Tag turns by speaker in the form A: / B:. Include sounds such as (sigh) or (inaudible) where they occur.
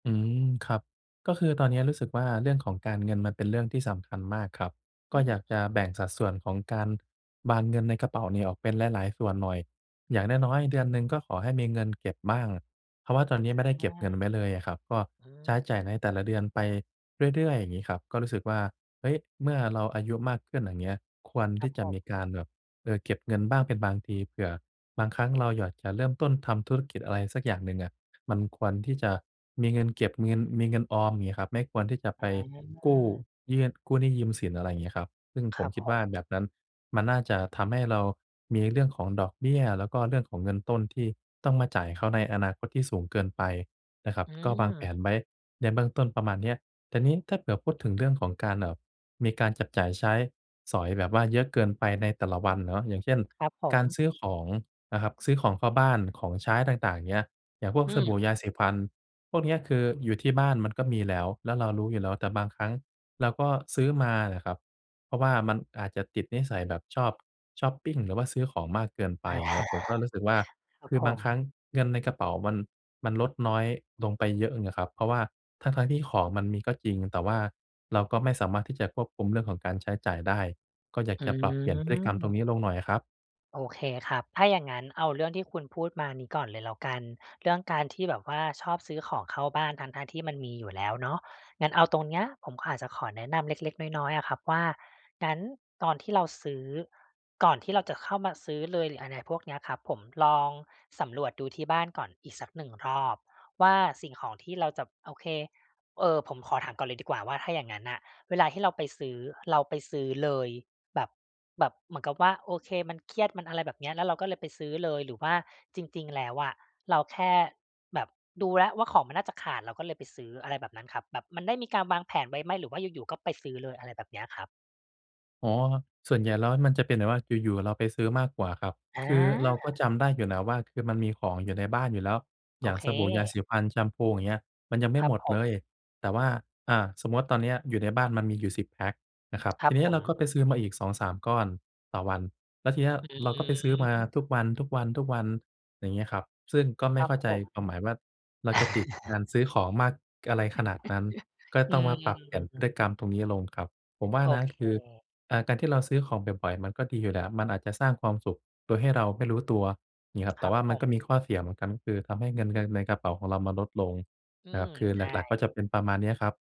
A: อืม ครับ ก็คือตอนเนี้ยรู้สึกว่า เรื่องของการเงินมันเป็นเรื่องที่สำคัญมากครับ
B: อื
A: ก็อยาก
B: ม
A: จะแบ่งสัดส่วนของการวางเงินในกระเป๋านี่ออกเป็นหลาย ๆ ส่วนหน่อย อย่างน้อย ๆ เดือนหนึ่ง ก็ขอให้มีเงินเก็บบ้าง เพราะว่าตอนเนี้ยไม่ได้
B: อ
A: เก็บเงิน
B: า
A: ไว้เลยอะครับ ก็
B: อื
A: ใช้จ่ายใน
B: ม
A: แต่ละเดือนไปเรื่อย ๆ อย่างงี้ครับ ก็รู้สึกว่า เฮ้ย เมื่อเราอายุมากขึ้น อย่างเงี้ย ควรท
B: ค
A: ี
B: ร
A: ่
B: ับ
A: จ
B: ผ
A: ะมีก
B: ม
A: ารแบบ เออ เก็บเงินบ้างเป็นบางที เผื่อบางครั้งเราอยาก จะเริ่มต้นทำธุรกิจอะไรสักอย่างหนึ่งอะ มันควรที่จะมีเงินเก็บ มีเงิน มีเงินออม เงี้ยครับ ไม่ควรที่จะไ
B: อ
A: ปกู้
B: า
A: ยื่น กู้หนี้ยืมสิน อะไรงี้ครับ ซึ่ง
B: ค
A: ผ
B: ร
A: ม
B: ับ
A: คิด
B: ผ
A: ว่า
B: ม
A: แบบนั้นมันน่าจะทำให้เรามีเรื่องของดอกเบี้ย แล้วก็เรื่องของเงินต้นที่ต้องมาจ่ายเขาในอนาคตที่สูงเกินไปน่ะครับ
B: อื
A: ก็วางแผ
B: ม
A: นไว้ในเบื้องต้นประมาณเนี้ย แต่นี้ถ้าเผื่อพูดถึงเรื่องของการแบบมีการจับจ่ายใช้สอยแบบว่าเยอะเกินไปในแต่ละวันเนาะ อย่างเช่น
B: ครับผ
A: การ
B: ม
A: ซื้อของนะครับ ซื้อของเข้าบ้าน ของใช้ต่าง ๆ อย่างเงี้ย อย่างพวก
B: อื
A: สบ
B: ม
A: ู่ ยาสีฟัน พวกเนี้ย คืออยู่ที่บ้านมันก็มีแล้ว แล้วเรารู้อยู่แล้ว แต่บางครั้งเราก็ซื้อมาน่ะครับ เพราะว่ามันอาจจะติดนิสัยแบบชอบชอปปิง หรือว่าซื้อของมากเกินไป อย่างเงี้ย ผมก็รู้สึกว่า
B: (chuckles) ครั
A: ค
B: บ
A: ือ
B: ผ
A: บางครั้
B: ม
A: งเงินในกระเป๋ามัน มันลดน้อยลงไปเยอะเลย อะครับ เพราะว่าทั้ง ๆ ที่ของมันมีก็จริง แต่ว่าเราก็ไม่สามารถที่จะควบคุมเรื่องของการใช้จ่ายได้ ก็อยาก
B: อื
A: จะปรับเปลี่ยนพฤติกรรมตร
B: ม
A: งนี้ลงหน่อยอะครับ
B: โอเคครับ ถ้าอย่างงั้น เอาเรื่องที่คุณพูดมานี้ก่อนเลยแล้วกัน เรื่องการที่แบบว่าชอบซื้อของเข้าบ้าน ทั้ง ๆ ที่มันมีอยู่แล้วเนาะ งั้นเอาตรงเนี้ย ผมอาจจะขอแนะนำเล็ก ๆ น้อย ๆ อะครับว่า งั้นตอนที่เราซื้อ ก่อนที่เราจะเข้ามาซื้อเลยหรืออะไรพวกเนี้ยครับผม ลองสำรวจดูที่บ้านก่อนอีกสัก 1 รอบ ว่าสิ่งของที่เราจะ โอเค เออ ผมขอถามก่อนเลยดีกว่าว่า ถ้าอย่างงั้นน่ะ เวลาที่เราไปซื้อ เราไปซื้อเลย แบบ แบบเหมือนกับว่า โอเค มันเครียด มันอะไรแบบเนี้ย แล้วเราก็เลยไปซื้อเลย หรือว่าจริง ๆ แล้วอะ เราแค่แบบดูแล้วว่าของมันน่าจะขาด เราก็เลยไปซื้อ อะไรแบบนั้นครับ แบบมันได้มีการวางแผนไว้ไหม? หรือว่าอยู่ ๆ ก็ไปซื้อเลย อะไรแบบเนี้ยครับ
A: อ๋อ ส่วนใหญ่แล้วมันจะเป็นแบบว่าอยู่ ๆ เราไปซื้อมากกว่าครับ
B: อ
A: คือเราก็
B: า
A: จำได้อยู่นะว่า คือมันมีของอยู่ในบ้านอยู่แล้ว
B: โ
A: อ
B: อ
A: ย่าง
B: เ
A: สบู่ ยา
B: ค
A: สีฟัน แชมพู อย่างเงี้ย มันยังไม่
B: ครั
A: ห
B: บ
A: มด
B: ผ
A: เลย
B: ม
A: แต่ว่า อ่า สมมติตอนเนี้ยอยู่ในบ้านมันมีอยู่ 10 แพ็กนะครับ
B: คร
A: ท
B: ั
A: ี
B: บ
A: เนี้
B: ผ
A: ยเราก็
B: ม
A: ไปซื้อมาอีก 2-3 ก้อนต่อวัน แล้วทีเนี้ย
B: อื
A: เราก็ไปซื้อมาทุ
B: ม
A: กวัน ๆ ๆ อย่างเงี้ยครับ ซึ่งก็ไม
B: ค
A: ่
B: รั
A: เข
B: บ
A: ้าใ
B: ผ
A: จ
B: ม
A: ความหมายว่า เราจะติดกา
B: (chuckles)
A: รซื้อของมากอะไรขนาดนั้น
B: (chuckles)
A: ก็
B: อื
A: ต้องมาปรับเปลี่ยนพฤต
B: ม
A: ิกรรมตรงนี้ลงครับ ผมว่า
B: โอ
A: นะ
B: เค
A: คือ อ่า การที่เราซื้อของบ่อย ๆ มันก็ดีอยู่แหละ มันอาจจะสร้างความสุขโดยให้เราไม่รู้ตัว อย่างงี้ครับ
B: ค
A: แต่
B: รั
A: ว
B: บ
A: ่า
B: ผ
A: มันก
B: ม
A: ็มีข้อเสียเหมือนกัน ก็คือทำให้เงิน เงินในกระเป๋าของเรามันลดลง
B: อื
A: นะครั
B: ม
A: บ คือ
B: ใช
A: ห
B: ่
A: ลัก ๆ ก็จะเป็นประมาณเนี้ยครับ